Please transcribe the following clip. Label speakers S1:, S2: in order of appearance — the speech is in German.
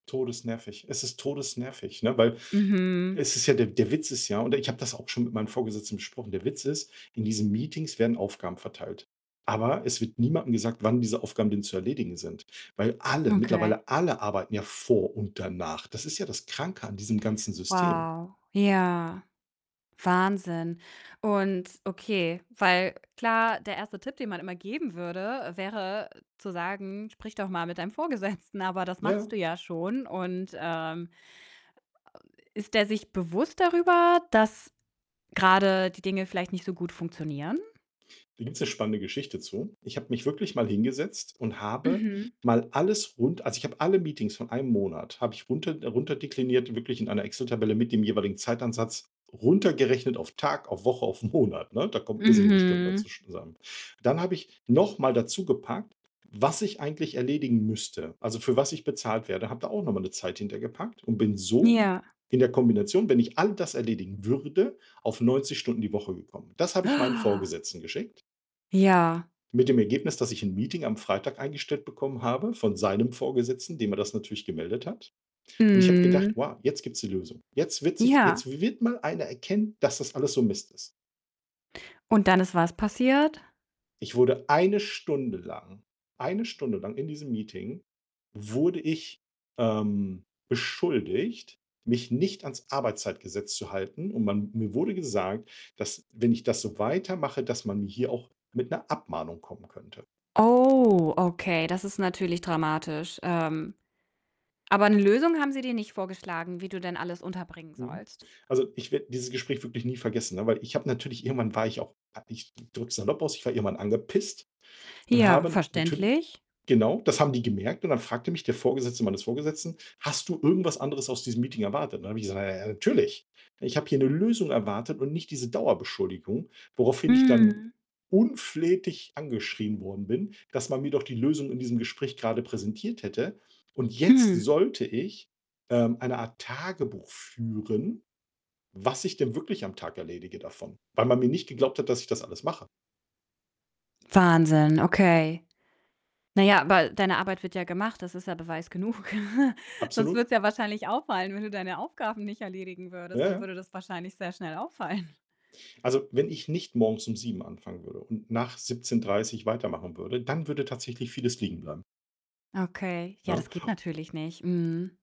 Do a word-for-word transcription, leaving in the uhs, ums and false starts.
S1: Todesnervig. Es ist todesnervig, ne, weil
S2: Mhm.
S1: es ist ja der der Witz ist ja, und ich habe das auch schon mit meinen Vorgesetzten besprochen, der Witz ist, in diesen Meetings werden Aufgaben verteilt, aber es wird niemandem gesagt, wann diese Aufgaben denn zu erledigen sind. Weil alle
S2: Okay.
S1: mittlerweile alle arbeiten ja vor und danach, das ist ja das Kranke an diesem ganzen System.
S2: Wow, ja. Wahnsinn und okay, weil klar, der erste Tipp, den man immer geben würde, äh, wäre, äh, zu sagen: „Sprich doch mal mit deinem Vorgesetzten”, aber das
S1: Ja.
S2: machst du ja schon, und, ähm, äh, ist der sich bewusst darüber, dass grade die Dinge vielleicht nicht so gut funktionieren?
S1: Da gibt's 'ne spannende Geschichte zu. Ich habe mich wirklich mal hingesetzt und habe
S2: Mhm.
S1: mal alles rund also ich habe alle Meetings von einem Monat habe ich runter äh, runterdekliniert, wirklich in einer Excel-Tabelle mit dem jeweiligen Zeitansatz. Runtergerechnet auf Tag, auf Woche, auf Monat, ne? Da kommen irrsinnige Stunden bei
S2: Mhm.
S1: sch zusammen. Dann habe ich noch mal dazu gepackt, was ich eigentlich erledigen müsste, also für was ich bezahlt werde, habe da auch noch mal 'ne Zeit hinter gepackt und bin so
S2: Ja.
S1: in der Kombination, wenn ich all das erledigen würde, auf neunzig Stunden die Woche gekommen. Das habe ich meinen Vorgesetzten geschickt
S2: Ja.
S1: mit dem Ergebnis, dass ich 'n Meeting am Freitag eingestellt bekommen habe von seinem Vorgesetzten, dem er das natürlich gemeldet hat und ich habe gedacht:
S2: Mhm.
S1: „Wow, jetzt gibt's die Lösung. Jetzt wird sich jetzt
S2: Ja.
S1: wi wird mal einer erkennen, dass das alles so Mist ist.“
S2: Und dann ist was passiert?
S1: Ich wurde eine Stunde lang eine Stunde lang in diesem Meeting wurde ich, ähm, beschuldigt, mich nicht ans Arbeitszeitgesetz zu halten, und man mir wurde gesagt, dass, wenn ich das so weitermache, dass man hier auch mit 'ner Abmahnung kommen könnte.
S2: Oh, okay, das ist natürlich dramatisch. Ähm, aber 'ne Lösung haben sie dir nicht vorgeschlagen, wie du denn alles unterbringen
S1: Mhm.
S2: sollst?
S1: Also, ich werde dieses Gespräch wirklich nie vergessen, ne? Weil ich habe natürlich irgendwann war ich auch a ich drücke es salopp aus, ich war irgendwann angepisst, und
S2: Ja,
S1: habe natürli
S2: verständlich.
S1: genau, das haben die gemerkt und dann fragte mich der Vorgesetzte meines Vorgesetzten: „Hast du irgendwas anderes aus diesem Meeting erwartet?“ Und dann habe ich gesagt: „Na ja, natürlich. Ich habe hier 'ne Lösung erwartet und nicht diese Dauerbeschuldigung“, woraufhin ich dann
S2: Mhm.
S1: unflätig angeschrien worden bin, dass man mir doch die Lösung in diesem Gespräch grade präsentiert hätte und jetzt
S2: Hm.
S1: sollte ich, ähm, eine Art Tagebuch führen, was ich denn wirklich am Tag erledige davon, weil man mir nicht geglaubt hat, dass ich das alles mache.
S2: Wahnsinn, okay. Na ja, aber deine Arbeit wird ja gemacht, das ist ja Beweis genug. Sonst würde
S1: Absolut.
S2: es ja wahrscheinlich auffallen, wenn du deine Aufgaben nicht erledigen würdest.
S1: Ja,
S2: Dann
S1: ja.
S2: würde das wahrscheinlich sehr schnell auffallen.
S1: Also, wenn ich nicht morgens um sieben anfangen würde und nach siebzehn dreißig weitermachen würde, dann würde tatsächlich vieles liegen bleiben.
S2: Okay, ja,
S1: Ne?
S2: das geht natürlich nicht. Mhm.